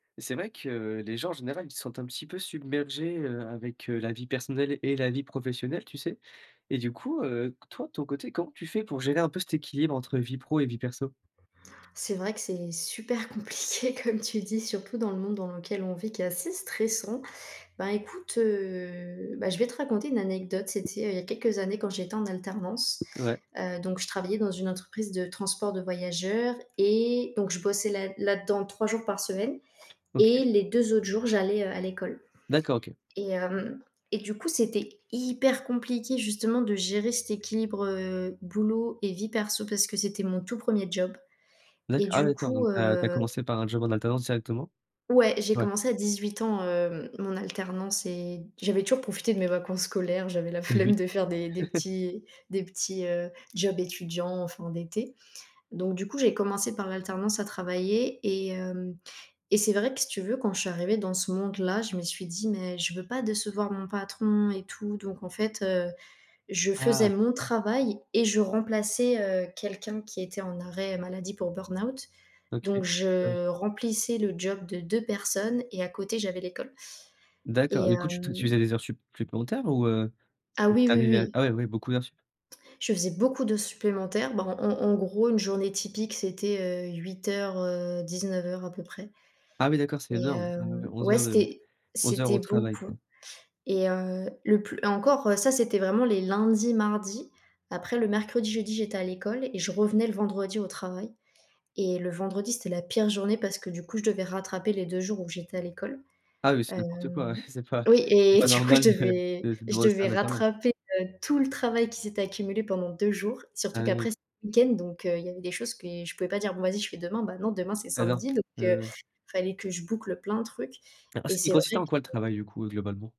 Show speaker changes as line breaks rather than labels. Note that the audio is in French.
C'est vrai que les gens, en général, ils se sentent un petit peu submergés, heu, avec, heu, la vie personnelle et la vie professionnelle, tu sais? Et du coup, heu, toi, de ton côté, comment tu fais pour gérer un peu cet équilibre entre vie pro et vie perso?
C'est vrai que c'est super compliqué comme tu dis, surtout dans le monde dans lequel on vit qui est assez stressant, ben, écoute, heu, beh, je vais te raconter une anecdote, c'était il y a quelques années quand j'étais en alternance,
Ouais.
heu, donc je travaillais dans une entreprise de transport de voyageurs et donc je bossais là là-dedans 3 jours par semaine
OK.
et les 2 autres jours, j'allais, heu, à l'école
D'accord, OK.
et hem et du coup, c'était hyper compliqué, justement, de gérer cet équilibre, heu, boulot et vie perso parce que c'était mon tout 1er job et
D'accord, ah,
du
d'accord,
coup,
donc tu as tu as
heu
commencé par un job en alternance directement?
Ouais, j'ai
Ouais.
commencé à 18 ans, heu, mon alternance et j'avais toujours profité de mes vacances scolaires. J'avais la
Eh oui.
flemme de faire des des petits des petits, heu, jobs étudiants en fin d'été donc, du coup, j'ai commencé par l'alternance à travailler et hem et c'est vrai que si tu veux, quand je suis arrivée dans ce monde-là, je me suis dit: «Mais je veux pas décevoir mon patron» et tout donc, en fait, heu, je faisais
Ah!
mon travail et je remplaçais, heu, quelqu'un qui était en arrêt maladie pour burn-out,
OK.
donc
Ah oui.
je remplissais le job de 2 personnes et à côté j'avais l'école
D'accord,
et
du coup, tu tu
heu
faisais des heures supp supplémentaires ou, heu,
Ah
tu
oui, oui,
arrivais
oui.
ah ouais, ouais, beaucoup d'heures supp
Je faisais beaucoup d'heures supplémentaires, bah, en en gros, une journée typique, c'était, heu, 08:00, heu, 19:00 à peu près
Ah, oui, d'accord, c'est
et
énorme, ah ouais, ouais,
hem,
11
ouais,
heures de
c'était
11 heures
c'était
au travail, quoi.
beaucoup et heu, le plus et encore, ça, c'était vraiment les lundis, mardis, après le mercredi, jeudi, j'étais à l'école et je revenais le vendredi au travail et le vendredi, c'était la pire journée parce que du coup, je devais rattraper les 2 jours où j'étais à l'école,
Ah oui, c'est n'importe quoi!
hem,
Ouais, c'est pas
oui
c'est
et
pas
du coup, je
normal de
devais
de
je
demander ça à
devais
un alternant!
rattraper, heu, tout le travail qui s'est accumulé pendant 2 jours, surtout
Ah, oui, oui.
qu'après, c'était le week-end, donc heu, il y avait des choses que je pouvais pas dire: «Bon, va-y, je fais demain», beh, non, demain, c'est
Alors,
samedi, donc heu,
heu
fallait que je boucle plein de trucs et
il
c'est
consistait
vrai
en quoi le
que
travail, du coup, heu, globalement?